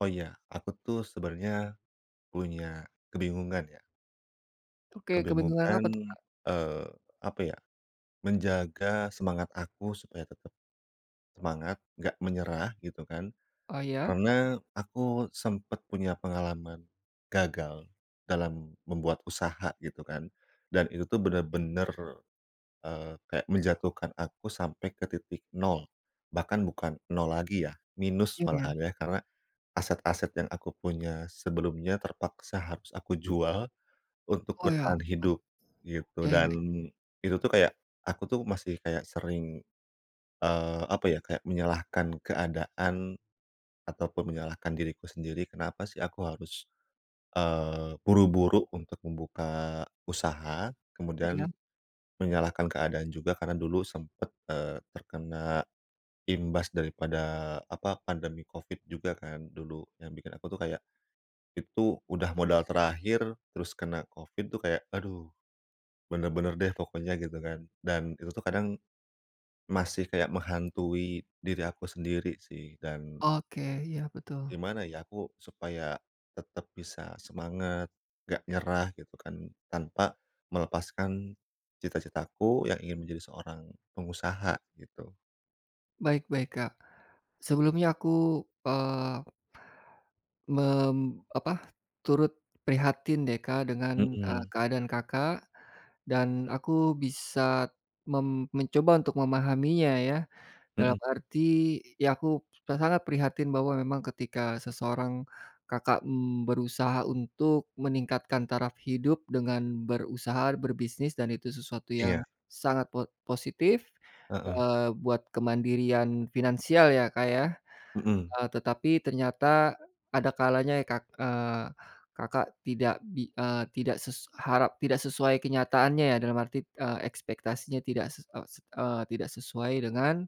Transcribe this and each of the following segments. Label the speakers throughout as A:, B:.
A: Oh ya aku tuh sebenarnya punya kebingungan ya.
B: Oke kebingungan
A: Kebingungan,
B: apa tuh, Kak?
A: eee, apa ya, menjaga semangat aku supaya tetep semangat, nggak menyerah gitu kan.
B: Oh ya?
A: Karena aku sempet punya pengalaman gagal dalam membuat usaha gitu kan dan itu tuh bener-bener, eee kayak menjatuhkan aku sampai ke titik nol. Bahkan bukan nol lagi ya, minus
B: Iya iya.
A: malahan ya. Karena aset-aset yang aku punya sebelumnya terpaksa harus aku jual untuk
B: Oh ya,
A: bertahan
B: [unintelligible]
A: hidup, gitu.
B: ya ya
A: Dan
B: ya.
A: itu tuh kayak aku tuh masih kayak sering, eee apa ya kayak menyalahkan keadaan ataupun menyalahkan diriku sendiri kenapa sih aku harus eee, buru-buru untuk membuka usaha kemudian
B: Iya.
A: menyalahkan keadaan juga karena dulu sempat, eee, terkena imbas daripada apa pandemi COVID juga kan dulu yang bikin aku tuh kayak, itu udah modal terakhir terus kena COVID tuh kayak aduh. Bener-bener deh pokoknya gitu kan dan itu tuh kadang masih kayak menghantui diri aku sendiri sih dan
B: Oke, iya betul.
A: gimana ya aku supaya tetap bisa semangat, nggak nyerah gitu kan? Tanpa melepaskan cita-citaku yang ingin menjadi seorang pengusaha gitu.
B: Baik baik, Kak. Sebelumnya aku, eee, mem apa, turut prihatin deh Kak dengan, eee,
A: Hmm.
B: keadaan Kakak dan aku bisa mem mencoba untuk memahaminya ya, dalam
A: Heeh.
B: arti ya aku s sangat prihatin bahwa memang ketika seseorang Kakak, mmm, berusaha untuk meningkatkan taraf hidup dengan berusaha berbisnis dan itu sesuatu yang
A: Iya.
B: sangat po positif,
A: Heeh.
B: eee, buat kemandirian finansial ya, Kak, ya?
A: Heeh.
B: Eee, tetapi ternyata ada kalanya ya Kak eee, Kakak tidak bi eee, tidak ses harap tidak sesuai kenyataannya ya dalam arti, eee, ekspektasinya tidak ses eee, s eee, tidak sesuai dengan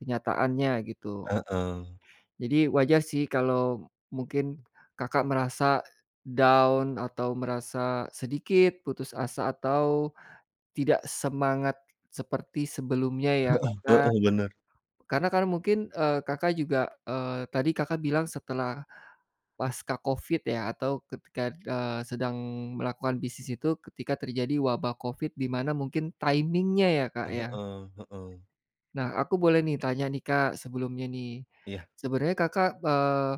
B: kenyataannya gitu.
A: Heeh.
B: Jadi wajah sih kalau mungkin kakak merasa down atau merasa sedikit putus asa atau tidak semangat seperti sebelumnya ya
A: Heeh
B: karena
A: heeh bener.
B: karena kan mungkin, eee, Kakak juga eee, tadi Kakak bilang setelah pasca Covid ya atau ketika eee, sedang melakukan bisnis itu ketika terjadi wabah Covid di mana mungkin timing-nya ya, Kak, ya.
A: Heeh heeh.
B: Nah aku boleh nih tanya nih Kak sebelumnya nih,
A: Iya.
B: sebenarnya Kakak, eee,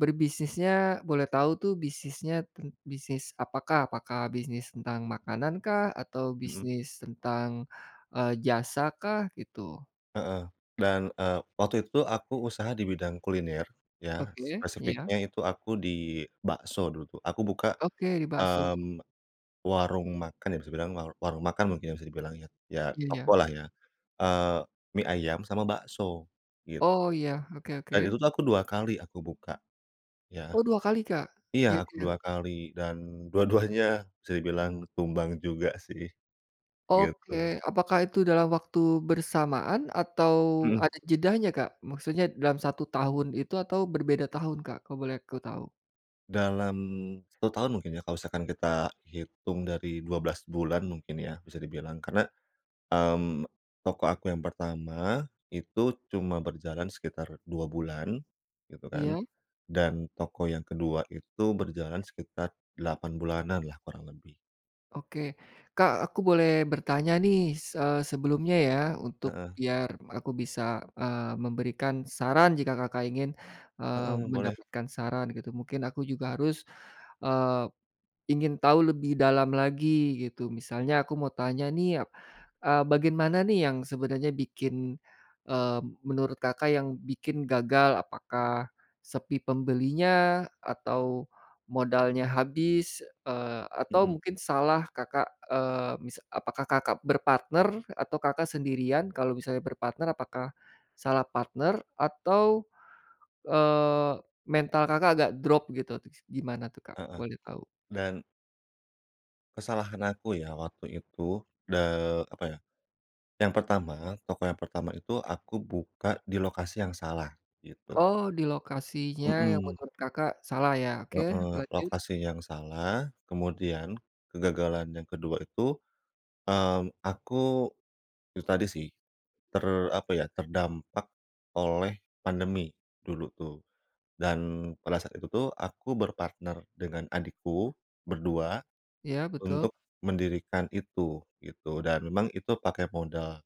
B: berbisnisnya boleh tahu tuh bisnisnya tent bisnis apakah? Apakah bisnis tentang makanan kah? Atau
A: Hmm.
B: bisnis tentang, eee, jasa kah? Gitu.
A: Heeh. Dan, eee, waktu itu tuh aku usaha di bidang kuliner ya,
B: Oke, iya.
A: spesifiknya itu aku di bakso dulu tuh. Aku buka,
B: Oke bakso.
A: mmm, warung makan, ya bisa dibilang warung makan mungkin bisa dibilang ya, ya toko
B: Iya.
A: lah ya, eee, mie ayam sama bakso gitu.
B: Oh iya, oke
A: Dan
B: oke.
A: itu tuh aku 2 kali aku buka. Ya.
B: Oh 2 kali, Kak?
A: Iya aku
B: Yegel
A: 2 kali, dan dua-duanya bisa dibilang tumbang juga sih.
B: Oke,
A: Gitu.
B: apakah itu dalam waktu bersamaan atau
A: Hmm.
B: ada jedanya, Kak? Maksudnya dalam 1 tahun itu atau berbeda tahun, Kak? Kalau boleh aku tahu.
A: Dalam 1 tahun mungkin ya kalau misalkan kita hitung dari 12 bulan mungkin ya bisa dibilang, karena. Mmm, toko aku yang pertama itu cuma berjalan sekitar 2 bulan gitu kan
B: Iya.
A: dan toko yang ke-2 itu berjalan sekitar 8 bulanan lah kurang lebih.
B: Oke. Kak, aku boleh bertanya nih, se sebelumnya ya, untuk
A: Heeh.
B: biar aku bisa eee, memberikan saran jika Kakak ingin, eee,
A: Heeh boleh.
B: mendapatkan saran gitu mungkin aku juga harus eee, ingin tahu lebih dalam lagi gitu, misalnya aku mau tanya nih a eee, bagaimana nih yang sebenarnya bikin, eee, menurut Kakak yang bikin gagal, apakah sepi pembelinya atau modalnya habis, eee atau
A: Hmm.
B: mungkin salah Kakak, eee, mis apakah Kakak berpartner atau Kakak sendirian? Kalau misalnya berpartner apakah salah partner atau, eee, mental Kakak agak drop gitu, gimana tuh Kak,
A: Heeh.
B: boleh tahu?
A: Dan kesalahan aku ya waktu itu, de apa ya. Yang pertama, toko yang pertama itu aku buka di lokasi yang salah, gitu.
B: Oh di lokasinya yang
A: Hmm.
B: menurut Kakak salah ya? Oke,
A: Heeh.
B: lanjut.
A: Lokasi yang salah, kemudian kegagalan yang ke-2 itu, mmm aku. Itu tadi sih ter apa ya, terdampak oleh pandemi dulu tuh dan pada saat itu tuh aku berpartner dengan adikku, berdua.
B: Ya betul.
A: Untuk mendirikan itu gitu dan memang itu pakai modal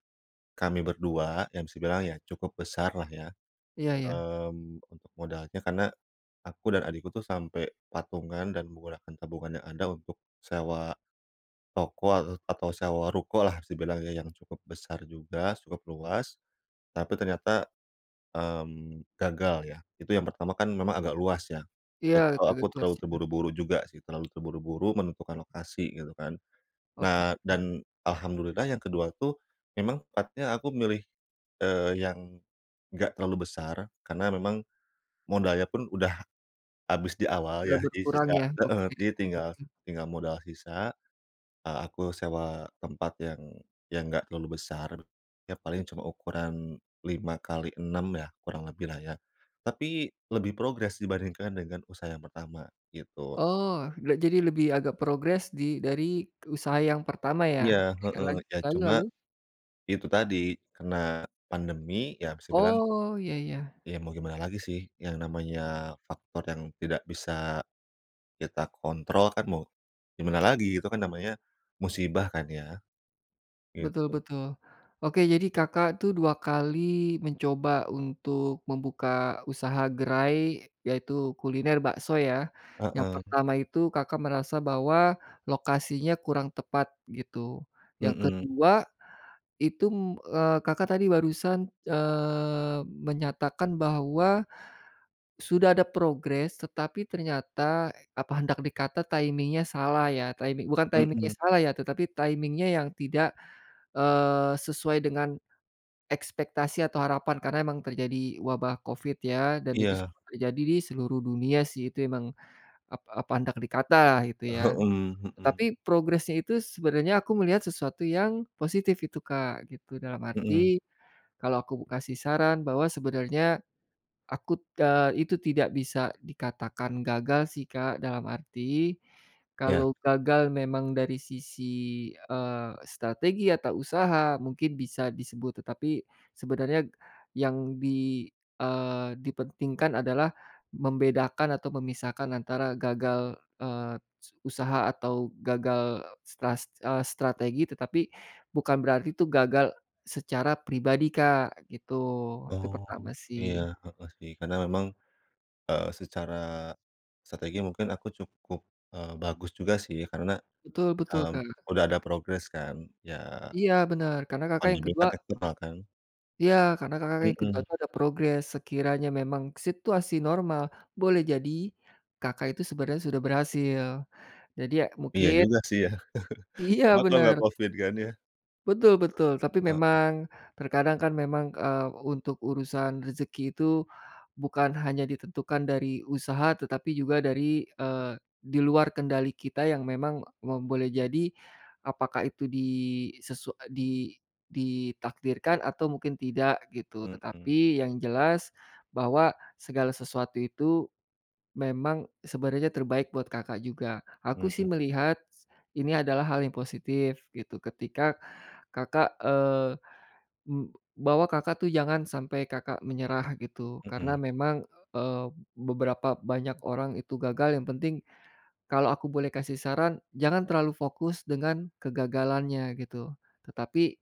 A: kami berdua yang bisa dibilang ya cukup besar lah ya.
B: Iya iya.
A: Mmm, untuk modalnya karena aku dan adikku tuh sampai patungan dan menggunakan tabungan yang ada untuk sewa toko atau sewa ruko lah bisa dibilang ya, yang cukup besar juga, cukup luas tapi ternyata, mmm, gagal ya. Itu yang pertama kan memang agak luas ya, itu
B: Iya.
A: aku terlalu
B: [unintelligible]
A: terburu-buru juga sih, terlalu terburu-buru menentukan lokasi gitu kan.
B: Oke.
A: Nah, dan alhamdulillah yang ke-2 tuh memang tempatnya aku milih, eee, yang nggak terlalu besar karena memang modalnya pun udah habis di awal
B: Tidak
A: ya jadi
B: berkurang
A: sisa
B: ya?
A: heeh,
B: Oke.
A: jadi tinggal
B: [unintelligible]
A: tinggal modal sisa. Eee, aku sewa tempat yang yang nggak terlalu besar ya paling cuma ukuran 5 kali, 6 ya kurang lebih lah ya tapi lebih progres dibandingkan dengan usaha yang pertama gitu.
B: Oh gak jadi lebih agak progres di dari usaha yang pertama ya?
A: Iya
B: Ya
A: heeh,
B: lan
A: ya
B: lalu
A: cuma
B: lalu?
A: itu tadi karena pandemi ya bisa dibilang
B: Oh, ya ya.
A: ya mau gimana lagi sih yang namanya faktor yang tidak bisa kita kontrol kan mau gimana lagi, itu kan namanya musibah kan ya
B: Betul
A: gitu.
B: betul. Oke jadi Kakak tuh 2 kali mencoba untuk membuka usaha gerai yaitu kuliner bakso ya? Yang
A: Heeh.
B: pertama itu Kakak merasa bahwa lokasinya kurang tepat gitu. Yang
A: Hmm.
B: ke-2 itu, eee, Kakak tadi barusan, eee, menyatakan bahwa sudah ada progres tetapi ternyata, apa hendak dikata timing-nya salah ya, timing bukan timing-nya
A: Hmm.
B: salah ya, tetapi timing-nya yang tidak, eee, sesuai dengan ekspektasi atau harapan karena memang terjadi wabah COVID ya, dan itu
A: Iya.
B: semua terjadi di seluruh dunia sih itu emang ap apa hendak dikata gitu
A: Oh,
B: ya.
A: hmm hmm.
B: Tapi progresnya itu sebenarnya aku melihat sesuatu yang positif itu, Kak, gitu. Dalam
A: Hmm.
B: arti kalau aku kasih saran bahwa sebenarnya akut eee, itu tidak bisa dikatakan gagal sih, Kak. Dalam arti
A: Ya.
B: kalau gagal memang dari sisi, eee, strategi atau usaha, mungkin bisa disebut tetapi sebenarnya yang di, eee, dipentingkan adalah membedakan atau memisahkan antara gagal eee, su usaha atau gagal stras eee, strategi tetapi bukan berarti itu gagal secara pribadi, Kak, gitu. Itu
A: Oh
B: pertama
A: iya,
B: sih.
A: heeh sih, karena memang, eee, secara strategi mungkin aku cukup, eee, bagus juga sih ya karena,
B: Betul betul
A: mmm,
B: Kak.
A: udah ada progres kan, ya
B: Iya bener karena Kakak yang
A: pandemi
B: ke-2
A: kan eksternal kan.
B: Iya karena Kakak yang ke-2
A: Hmm.
B: tuh ada progres sekiranya memang situasi normal boleh jadi Kakak itu sebenarnya sudah berhasil jadi ya
A: Iya
B: mungkin
A: juga sih ya.
B: Iya
A: Coba kalo nggak
B: bener.
A: COVID kan ya?
B: Betul betul, tapi
A: Heeh.
B: memang terkadang kan memang, eee, untuk urusan rezeki itu bukan hanya ditentukan dari usaha tetapi juga dari, eee, di luar kendali kita yang memang mem boleh jadi apakah itu di sesu di ditakdirkan atau mungkin tidak gitu,
A: Hmm.
B: tetapi yang jelas bahwa segala sesuatu itu memang sebenarnya terbaik buat Kakak juga. Aku sih
A: Hmm.
B: melihat, ini adalah hal yang positif gitu, ketika Kakak eee, eb bahwa Kakak tuh jangan sampai Kakak menyerah gitu, karena
A: Hmm.
B: memang, eee, beberapa banyak orang itu gagal, yang penting, kalau aku boleh kasih saran jangan terlalu fokus dengan kegagalannya gitu, tetapi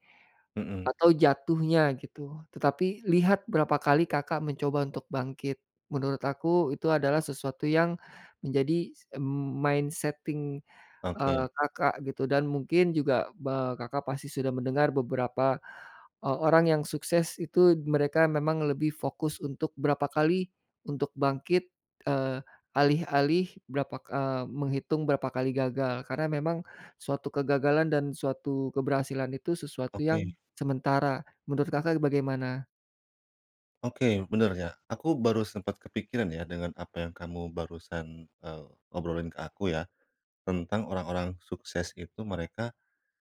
A: Hmm.
B: atau jatuhnya gitu, tetapi, lihat berapa kali Kakak mencoba untuk bangkit, menurut aku itu adalah sesuatu yang menjadi mindsetting eee,
A: Oke.
B: Kakak gitu dan mungkin juga ba Kakak pasti sudah mendengar beberapa o orang yang sukses itu mereka memang lebih fokus untuk berapa kali untuk bangkit, eee, alih-alih berapa ka eee, menghitung berapa kali gagal karena memang suatu kegagalan dan suatu keberhasilan itu sesuatu
A: Oke.
B: yang sementara menurut Kakak bagaimana?
A: Oke bener ya, aku baru sempat kepikiran ya dengan apa yang kamu barusan, eee, obrolin ke aku ya, tentang orang-orang sukses itu mereka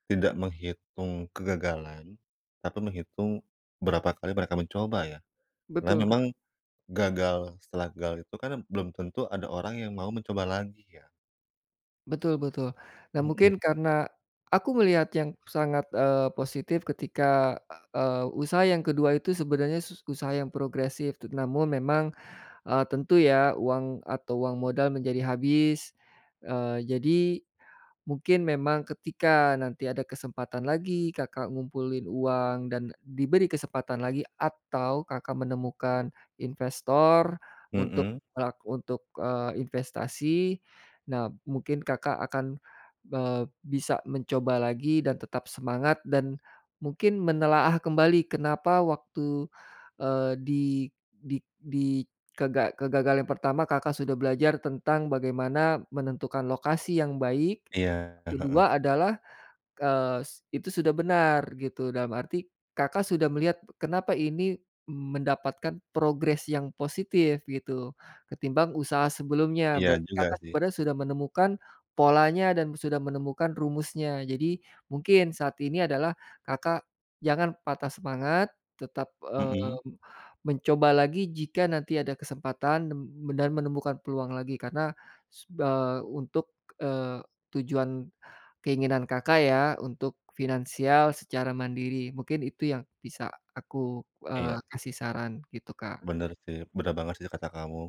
A: tidak menghitung kegagalan tapi menghitung berapa kali mereka mencoba ya, karena
B: Betul,
A: memang
B: Kak.
A: gagal setelah gagal itu kan belum tentu ada orang yang mau mencoba lagi ya.
B: Betul betul dan
A: Hmm.
B: mungkin karena aku melihat yang sangat, eee, positif ketika eee, usaha yang ke-2 itu sebenarnya sus usaha yang progresif namun memang, eee, tentu ya uang atau uang modal menjadi habis, eee, jadi mungkin memang ketika nanti ada kesempatan lagi, Kakak ngumpulin uang dan diberi kesempatan lagi, atau Kakak menemukan investor untuk
A: Mhm.
B: lak untuk, eee, investasi, nah mungkin Kakak akan, eee, bisa mencoba lagi dan tetap semangat dan mungkin menelaah kembali kenapa waktu eee, di di di kega kegagalan yang pertama Kakak sudah belajar tentang bagaimana menentukan lokasi yang baik,
A: Iya, e heeh.
B: ke-2 adalah, eee, itu sudah benar gitu dalam arti, Kakak sudah melihat kenapa ini mendapatkan progres yang positif gitu, ketimbang usaha sebelumnya.
A: Iya
B: Berarti
A: juga
B: Kakak
A: sih.
B: sebenarnya sudah menemukan polanya dan sudah menemukan rumusnya. Jadi mungkin saat ini adalah Kakak jangan patah semangat tetap, eee,
A: Mhm.
B: mencoba lagi jika nanti ada kesempatan nem dan menemukan peluang lagi karena su eee, untuk, eee, tujuan keinginan Kakak ya, untuk finansial secara mandiri, mungkin itu yang bisa aku, eee,
A: Iya.
B: kasih saran gitu, Kak.
A: Bener sih, bener banget sih kata kamu.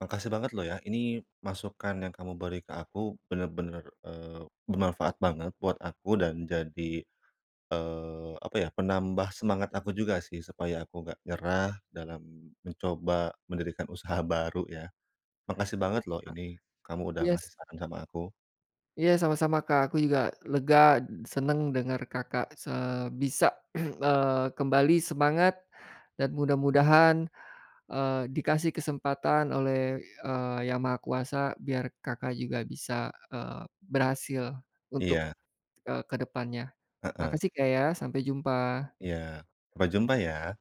A: Makasih banget loh ya ini masukan yang kamu beri ke aku benar-benar, eee, bermanfaat banget buat aku dan jadi, eee, apa ya, penambah semangat aku juga sih supaya aku nggak nyerah dalam mencoba mendirikan usaha baru ya. Makasih
B: Mhm,
A: banget loh
B: Kak.
A: ini kamu udah
B: Iya s
A: ngasih saran sama aku.
B: Iya sama-sama, Kak. Aku juga lega, senang dengar Kakak se bisa, eee, kembali semangat dan mudah-mudahan, eee, dikasih kesempatan oleh, eee, Yang Maha Kuasa biar Kakak juga bisa, eee, berhasil untuk,
A: Iya.
B: eee, ke depannya
A: Heeh.
B: makasih, Kak ya, sampai jumpa.
A: Iya. Sampai jumpa ya.